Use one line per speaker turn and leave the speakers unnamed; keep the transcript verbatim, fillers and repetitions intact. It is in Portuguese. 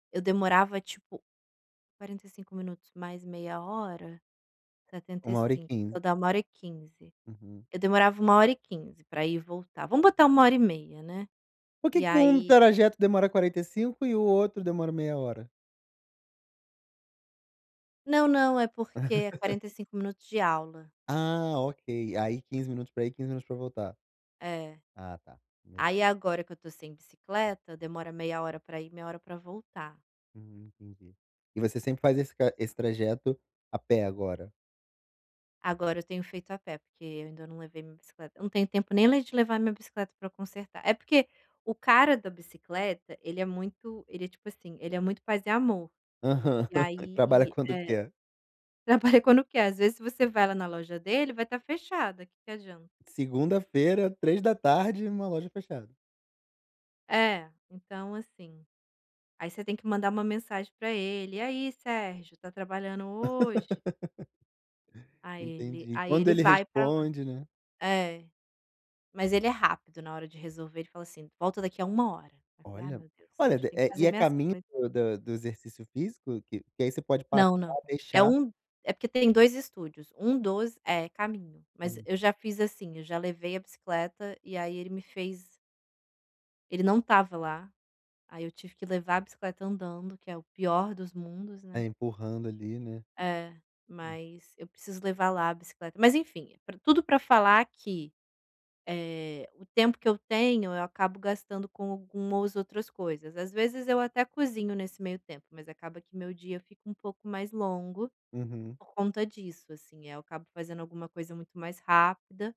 Eu demorava, tipo, quarenta e cinco minutos mais meia hora, setenta e
uma hora e
cinco.
quinze.
Vai dar uma hora e quinze.
Uhum.
Eu demorava uma hora e quinze pra ir e voltar. Vamos botar uma hora e meia, né.
Por que
E
que em um
aí
trajeto demora quarenta e cinco e o outro demora meia hora?
Não, não. É porque é quarenta e cinco minutos de aula.
Ah, ok. AÍ, quinze minutos para ir, quinze minutos para voltar.
É.
Ah, tá. Beleza.
Aí, agora que eu estou sem bicicleta, demora meia hora para ir, meia hora para voltar.
Hum, entendi. E você sempre fazia esse ca esse trajeto a pé agora?
Agora eu tenho feito a pé, porque eu ainda não levei minha bicicleta. Não tenho tempo nem de levar minha bicicleta pra consertar. É porque o cara da bicicleta, ele é muito ele é tipo assim, ele é muito paz e amor.
Aham,
E
trabalha
aí
quando
É,
quer?
trabalha quando quer. Porque, às vezes, se você vai lá na loja dele, vai estar fechada. Que que adianta?
Segunda-feira, três da tarde, uma loja fechada.
É, então, assim, aí você tem que mandar uma mensagem para ele: "E aí, Sérgio, está trabalhando hoje?". Aí ele
Entendi.
aí
Quando
ele
ele
vai para lá.
responde, né?
É, mas ele é rápido na hora de resolver, ele fala assim: "Volta daqui a uma hora", aí eu falei: "Ai,
Olha.
meu Deus,
Olha,
Sérgio,
de
tenho que
é e
fazer
é
minhas
caminho
coisas".
do da do exercício físico? Que que aí você pode passar,
Não, não. É
deixar.
um é porque tem dois estúdios. Um dos é caminho. Mas
Hum.
eu já fiz assim: eu já levei a bicicleta e aí ele me fez Ele não estava lá. Aí, eu tive que levar a bicicleta andando que é o pior dos mundos,
É,
né.
empurrando ali, né.
É.
Hum.
Mas eu preciso levar lá a bicicleta. Mas, enfim, pra tudo pra falar que, eh, o tempo que eu tenho, eu acabo gastando com algumas outras coisas. Às vezes, eu até cozinho nesse meio tempo, mas acaba que meu dia fica um pouco mais longo
Uhum.
por conta disso, assim. Aí, eu acabo fazendo alguma coisa muito mais rápida